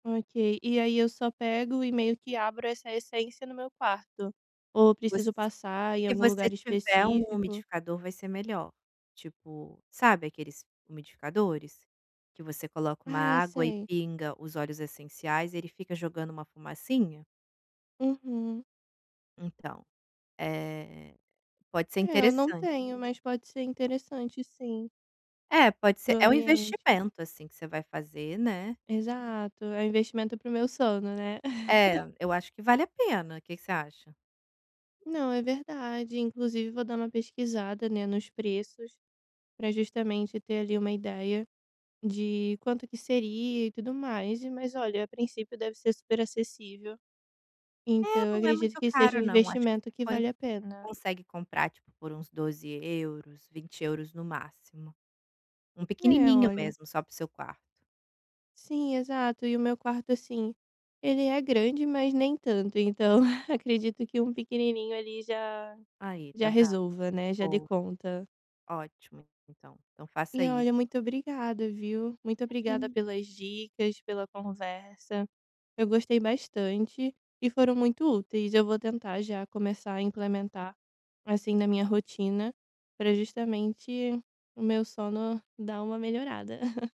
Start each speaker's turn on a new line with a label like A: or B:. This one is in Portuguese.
A: Ok, e aí eu só pego e meio que abro essa essência no meu quarto, ou preciso
B: Você
A: eu passar em
B: se
A: algum
B: você
A: lugar
B: tiver um
A: específico.
B: umidificador vai ser melhor, tipo, sabe aqueles umidificadores? Que você coloca uma
A: Ai
B: água e
A: sei.
B: pinga os óleos essenciais ele fica jogando uma fumacinha?
A: Uhum.
B: Então, eh, pode ser
A: É eu não
B: interessante.
A: tenho mas pode ser interessante sim.
B: É, pode ser,
A: Para o
B: é um
A: ambiente.
B: investimento, assim, que você vai fazer, né?
A: Exato, é um investimento para o meu sono, né?
B: É, eu acho que vale a pena, que que você acha?
A: Não, é verdade, inclusive vou dar uma pesquisada, né, nos preços, para justamente ter ali uma ideia de quanto que seria e tudo mais, mas olha, a princípio deve ser super acessível, então
B: É
A: eu
B: não é
A: acredito
B: muito
A: que seja
B: caro
A: um
B: não, acho que
A: investimento que
B: você
A: vale a pena.
B: consegue comprar tipo por uns 12.00 €, 20.00 € no máximo, um
A: É,
B: pequenininho
A: olha.
B: mesmo só para o seu quarto.
A: Sim, exato, e o meu quarto, assim, ele é grande mas nem tanto, então acredito que um pequenininho ali já,
B: Aí,
A: já
B: tá vendo
A: resolva, né, já dê
B: boa.
A: conta.
B: Ótimo então, então faça
A: E
B: isso.
A: olha, muito obrigada viu, muito obrigada
B: Imagina.
A: pelas dicas, pela conversa, eu gostei bastante e foram muito úteis, eu vou tentar já começar a implementar, assim, na minha rotina pra justamente o meu sono dar uma melhorada.